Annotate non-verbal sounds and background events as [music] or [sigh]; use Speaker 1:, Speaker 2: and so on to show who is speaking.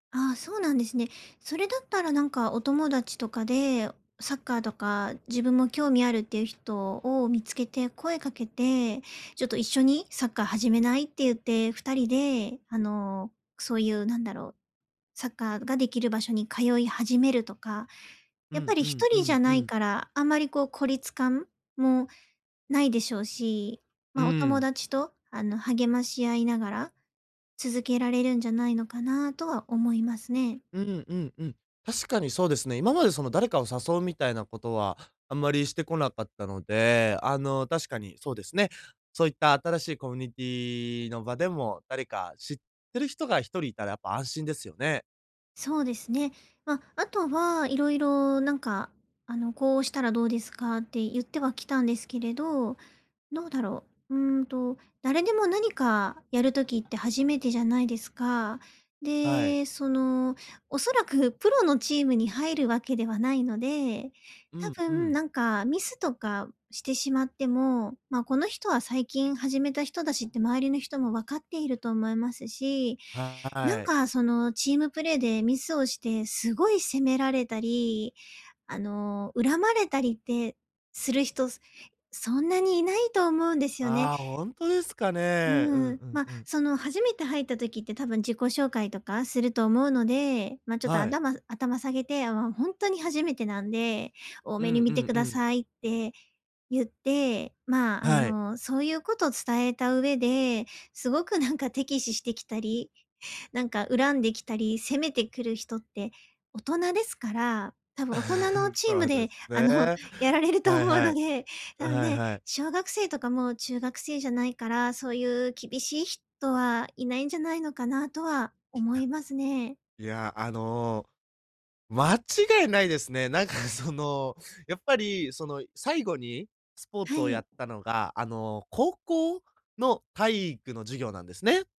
Speaker 1: ああ、そうなんですね。それだったらなんかお友達とかで、サッカーとか自分も興味あるっていう人を見つけて声かけて、ちょっと一緒にサッカー始めないって言って2人で、あの、そういうなんだろう、サッカーができる場所に通い始めるとか。
Speaker 2: う
Speaker 1: やっぱ
Speaker 2: ん
Speaker 1: り
Speaker 2: う
Speaker 1: ひと
Speaker 2: んう
Speaker 1: りじゃ
Speaker 2: んう
Speaker 1: ない
Speaker 2: ん。
Speaker 1: から、あまりこう、孤立感もないでしょうし、
Speaker 2: う
Speaker 1: まあ、お友
Speaker 2: ん。
Speaker 1: 達と、あの、励まし合いながら、続けられるんじゃないのかなとは思いますね。
Speaker 2: うんうんうん。確かにそうですね。今までその誰かを誘うみたいなことはあんまりしてこなかったので、あの、確かにそうですね。そういった新しいコミュニティの場でも、誰か知ってる人が1人いたらやっぱ安心ですよね。
Speaker 1: そうですね。まあ、あとは色々なんか、あの、こうしたらどうですかって言ってはきたんですけれど、どうだろう。うーんと、誰でも何かやる時って初めてじゃないですか。
Speaker 2: はい。
Speaker 1: で、その恐らくプロのチームに入るわけではないので、
Speaker 2: う
Speaker 1: 多
Speaker 2: んう
Speaker 1: 分
Speaker 2: ん。
Speaker 1: 何かミスとかしてしまっても、まあ、この人は最近始めた人だしって周りの人も分かっていると思いますし。
Speaker 2: は
Speaker 1: なん
Speaker 2: ーい。
Speaker 1: かそのチームプレーでミスをしてすごい責められたり、あの、恨まれたりってする人そんなにいないと思うんですよね。
Speaker 2: ああ、本当ですか
Speaker 1: う
Speaker 2: ね、うん
Speaker 1: ーん、
Speaker 2: うん
Speaker 1: まあ、
Speaker 2: うん。
Speaker 1: その初めて入った時って多分、自己紹介とかすると思うので、まあ、ちょっと、あ
Speaker 2: はい。
Speaker 1: だま、頭下げて、あ、本当に初めてなんで、大
Speaker 2: う
Speaker 1: 目
Speaker 2: ん、
Speaker 1: に
Speaker 2: う
Speaker 1: 見て
Speaker 2: ん
Speaker 1: く
Speaker 2: う
Speaker 1: だ
Speaker 2: ん。
Speaker 1: さいって言って、まあ、
Speaker 2: はい。
Speaker 1: そういうことを伝えた上ですごくなんか敵視してきたり、何か恨んできたり、攻めてくる人って、大人ですから、多分大人の
Speaker 2: [chuckles]
Speaker 1: チー
Speaker 2: そ
Speaker 1: ム
Speaker 2: うで
Speaker 1: で、
Speaker 2: す
Speaker 1: あの、
Speaker 2: ね。
Speaker 1: やられると
Speaker 2: は
Speaker 1: 思
Speaker 2: い
Speaker 1: う
Speaker 2: は
Speaker 1: の
Speaker 2: い。
Speaker 1: でね、あの
Speaker 2: はい
Speaker 1: ね、
Speaker 2: はい。
Speaker 1: 小学生とかも中学生じゃないから、そういう厳しい人はいないんじゃないのかなとは思
Speaker 2: や。
Speaker 1: いますね。
Speaker 2: いや、や、あの。間違いないですね。なん [chuckles] か、その、やっぱり、その、最後にスポー
Speaker 1: は
Speaker 2: ツをや
Speaker 1: い。
Speaker 2: ったのが、あの、高校の体育の授業なんですね。